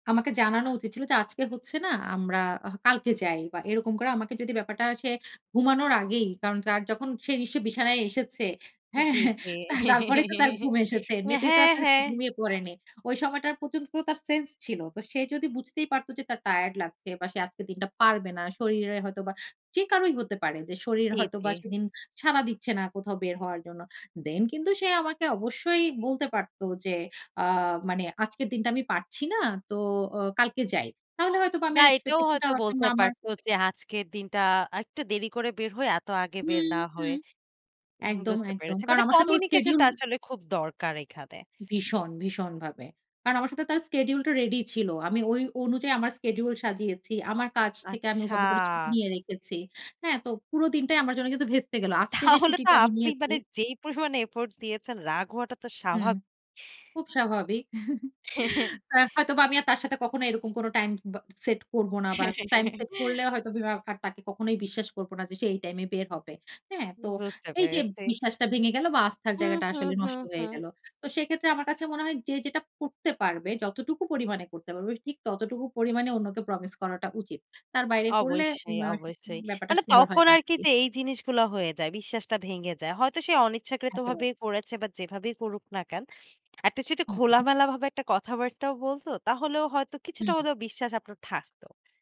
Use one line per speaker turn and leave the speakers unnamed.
আমাকে জানানো উচিত ছিল যে, "আজকে হচ্ছে না, আমরা হ কালকে যাই।" বা এরকম করে আমাকে যদি ব্যাপারটা সে ঘুমানোর আগেই, কারণ তার যখন সে নিশ্চয়ই বিছানায় এসেছে, হ্যাঁ?
জি, জি।
তা তারপরেই তো তার ঘুম এসেছে।
এ
এমনিতে তো আর
হ্যাঁ,
তার সে
হ্যাঁ।
ঘুমিয়ে পড়েনি। ঐ সময়টার পর্যন্ত তো তার sense ছিল। তো সে যদি বুঝতেই পারত যে তার tired লাগছে, বা সে আজকের দিনটা পারবে না। শরীরে হয়তো বা, যে কারোই হতে পারে, যে শরীর
জী,
হয়তো বা
জী।
সেদিন সাড়া দিচ্ছে না কোথাও বের হওয়ার জন্য। Then কিন্তু সে আমাকে অবশ্যই বলতে পারতো যে আ মানে, "আজকের দিনটা আমি পারছি না। তো অ কালকে যাই।" তাহলে হয়তোবা আমি
না
আর
এইটাও
expectation টাও
হয়তো
রাখতাম
বলতে
না আমার
পারতো যে, "আজকের দিনটা আর একটু দেরি করে বের হই, এত আগে বের
হুম,
না
হুম।
হয়ে।"
একদম,
বুঝতে
একদম।
পেরেছি।
কারণ
মানে
আমার সাথে ওর
communication
schedule
টা আসলে খুব দরকার এইখানে।
ভীষণ, ভীষণ ভাবে। কারণ আমার সাথে তার schedule টা ready ই ছিল। আমি ঐ অনুযায়ী আমার schedule সাজিয়েছি। আমার কাছ থেকে আমি
আচ্ছা।
ওভাবে করে ছুটি নিয়ে রেখেছি। হ্যাঁ? তো পুরো দিনটাই আমার জন্য কিন্তু ভেস্তে গেল। আজকে যে
তাহলে তো
ছুটিটা আমি
আপনি
নিয়েছি
মানে যেই পরিমাণে এফোর্ট দিয়েছেন রাগ হওয়াটা তো
হুম,
স্বাভাবিক।
খুব স্বাভাবিক। আ হয়তোবা আমি আর তার সাথে কখনো এইরকম কোনো টাইম ব সেট করবো না। বা টাইম সেট করলেও হয়তোবা আর তাকে কখনোই বিশ্বাস করবো না যে সে এই টাইমে বের হবে। হ্যাঁ? তো
বুঝতে
এই যে
পেরেছি।
বিশ্বাসটা ভেঙে গেল বা আস্থার
হুম,
জায়গাটা
হুম,
আসলে
হুম,
নষ্ট হয়ে
হুম।
গেল। তো সেক্ষেত্রে আমার কাছে মনে হয় যে যেটা করতে পারবে, যতটুকু পরিমাণে করতে পারবে, ঠিক ততটুকু পরিমাণে অন্যকে promise করাটা উচিত। তার বাইরে করলে উম
অবশ্যই,
অ্যা উম
অবশ্যই।
ব্যাপারটা
মানে
সুন্দর হয়
তখন
না
আরকি
আরকি।
যে এই জিনিসগুলা হয়ে যায়, বিশ্বাসটা ভেঙে যায়। হয়তো সে
একেবারে।
অনিচ্ছাকৃতভাবেই করেছে, বা যেভাবেই করুক না কেন, এট লিস্ট যদি
হুম, হুম।
খোলামেলা ভাবে একটা কথাবার্তাও বলতো, তাহলেও হয়তো কিছুটা
হুম।
হলেও বিশ্বাস আপনার থাকতো।